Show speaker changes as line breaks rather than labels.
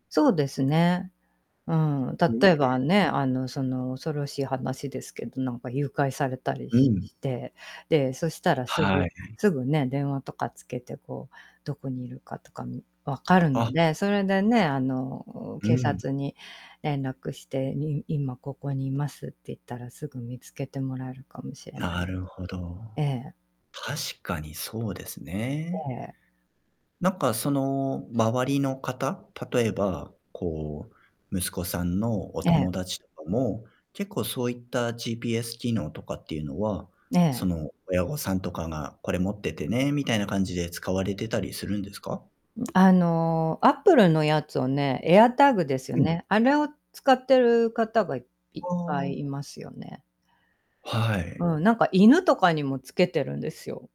そうですね。うん、
うえ
例え
え。
ばね、あの、その、恐ろしい話ですけど、なんか誘拐されたり
う
し
ん。
して、で、そしたらす
は
ぐ、
い。
すぐね、電話とかつけてこう、どこにいるかとか、み分かるの
あ。
で、それでね、あの、
う
警
ん。
察に連絡して、に今ここにいますって言ったらすぐ見つけてもらえるかもしれない。
なるほど。
ええ。
確かにそうですね。
ええ。
なんかその、周りの方、例えば、こう、息子さんのお
え
友
え。
達とかも、結構そういった GPS 機能とかっていうのは、そ
ねえ。
の親御さんとかが「これ持っててね」みたいな感じで、使われてたりするんですか？
うん、あの、アップルのやつをね、エアタグですよ
うん。
ね、あれを使ってる方が、いいっぱ
ああ。
いいますよね。
はい。
うん、なんか犬とかにもつけてるんですよ。